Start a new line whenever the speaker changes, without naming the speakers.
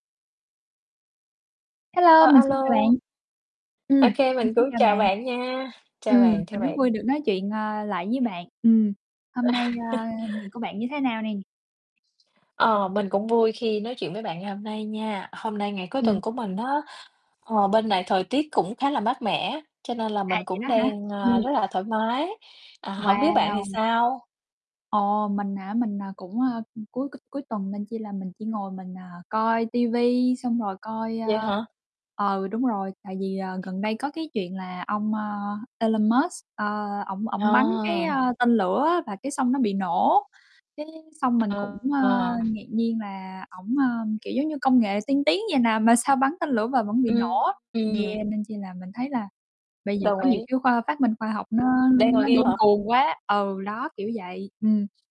Hello,
Ờ,
mình
a
xin chào
lô.
bạn. Ừm,
OK,
mình
mình
xin
cũng
chào
chào
bạn.
bạn nha, chào
Ừm,
bạn, chào
mình rất
bạn.
vui được nói chuyện, à, lại với bạn. Ừm, hôm nay, a, ngày của bạn như thế nào nè?
Ờ, mình cũng vui khi nói chuyện với bạn ngày hôm nay nha. Hôm nay ngày cuối
Ừm.
tuần của mình á, ờ, bên này thời tiết cũng khá là mát mẻ, cho nên là
À,
mình
vậy
cũng
đó hả?
đang, ơ,
Ừm.
rất là thoải mái. À, hổng biết bạn thì
Wow!
sao?
Ồ, mình hả? Mình, à, cũng, a, ưm, cuối c cuối tuần nên chi là mình chỉ ngồi mình, à, coi ti vi xong rồi coi,
Vậy
a
hả?
ừ, đúng rồi. Tại vì, ờ, gần đây có cái chuyện là ông, a, Elon Musk, ơ, ổng ổng bắn cái,
À.
ơ, tên lửa á, và cái xong nó bị nổ, cái xong mình cũng, ơ,
Ờ.
ngạc nhiên là ổng, ơ, kiểu giống như, công nghệ tiên tiến vậy nè, mà sao bắn tên lửa mà vẫn bị nổ á.
Ừm.
Yeah, nên chi là mình thấy là bây giờ
Đồng
có nhiều
ý.
cái khoa phát minh khoa học nó
Đang
nó
ngồi
điên
[unintelligible] hả?
cuồng quá, ừ, đó kiểu vậy, ừm.